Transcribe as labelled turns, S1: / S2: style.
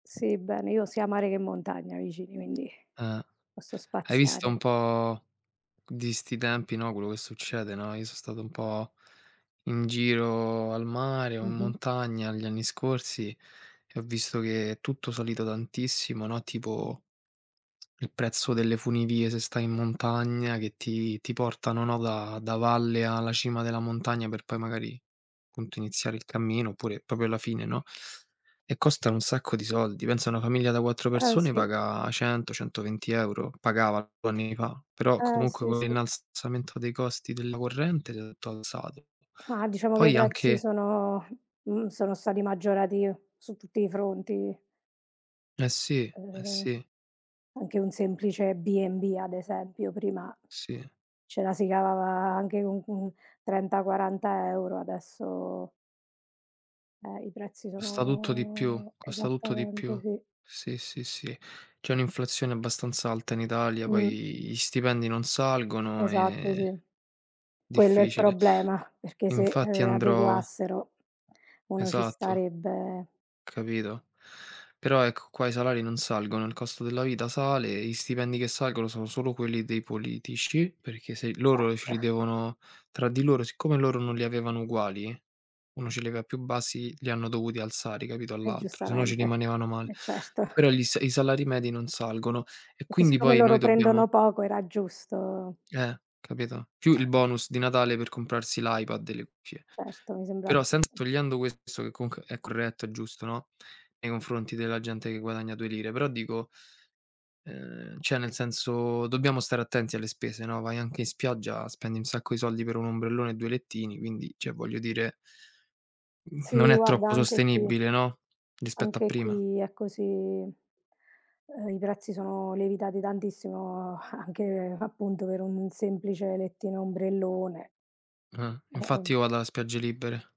S1: Sì, bene. Io ho sia mare che montagna vicini, quindi
S2: Eh.
S1: posso
S2: Hai visto
S1: spaziare.
S2: un po' di 'sti tempi, no, quello che succede, no, io so' stato un po' in giro al mare o in
S1: Mh-mh.
S2: montagna gli anni scorsi e ho visto che è tutto salito tantissimo, no, tipo il prezzo delle funivie se stai in montagna che ti ti portano, no, da da valle alla cima della montagna per poi magari appunto iniziare il cammino oppure proprio alla fine, no, e costano un sacco di soldi. Pensa una famiglia da 4
S1: Eh,
S2: persone
S1: sì.
S2: paga 100, 120€. Pagava 2 anni fa. Però
S1: Eh,
S2: comunque
S1: sì,
S2: con
S1: sì.
S2: l'innalzamento dei costi della corrente è tutto alzato.
S1: qua
S2: E
S1: diciamo che i
S2: poi
S1: prezzi
S2: anche
S1: sono mhmm, sono stati maggiorati su tutti i fronti.
S2: Eh sì, eh
S1: Ehm,
S2: sì.
S1: anche un semplice B&B ad esempio prima,
S2: Sì.
S1: ce la si cavava a anche con un, mhmm, 30, 40 € adesso Eh, i prezzi
S2: Costa tutto di più
S1: sono
S2: costa tutto di
S1: esattamente,
S2: più.
S1: sì.
S2: Sì, sì, sì. C'è un'inflazione abbastanza alta in Italia, poi
S1: Mh.
S2: gli stipendi non salgono
S1: Esatto, sì.
S2: e
S1: Quello è il
S2: difficile.
S1: problema, perché se,
S2: Infatti
S1: uhm,
S2: andrò
S1: adeguassero uno ci
S2: Esatto.
S1: starebbe.
S2: Capito. Però ecco, qua i salari non salgono, il costo della vita sale, gli stipendi che salgono sono solo quelli dei politici, perché se i loro ce
S1: Esatto.
S2: li devono tra di loro siccome loro non li avevano uguali, 1 ce li aveva più bassi, li hanno dovuti alzare, capito,
S1: E
S2: all'altro, se no ci
S1: giustamente,
S2: rimanevano male.
S1: eh certo.
S2: Però gli sa i salari medi non salgono e
S1: Perché
S2: quindi
S1: siccome
S2: poi noi
S1: loro
S2: dobbiamo
S1: prendono poco era giusto
S2: Eh, capito? Più il bonus di Natale per comprarsi l'iPad e le cuffie.
S1: Certo, mi sembra
S2: Però sempre
S1: giusto.
S2: togliendo questo che comunque è corretto, è giusto, no, nei confronti della gente che guadagna due lire, però dico ...ehm, cioè nel senso dobbiamo stare attenti alle spese, no. Vai anche in spiaggia, spendi un sacco di soldi per 1 ombrellone e 2 lettini, quindi cioè, voglio dire non
S1: Sì,
S2: è
S1: guarda,
S2: troppo
S1: anche qui
S2: sostenibile, no, rispetto a
S1: anche
S2: prima.
S1: qui è così. Ehm, i prezzi sono lievitati tantissimo, anche appunto per un semplice lettino e ombrellone.
S2: Ah,
S1: Eh,
S2: infatti
S1: ovv
S2: io vado a spiagge libere.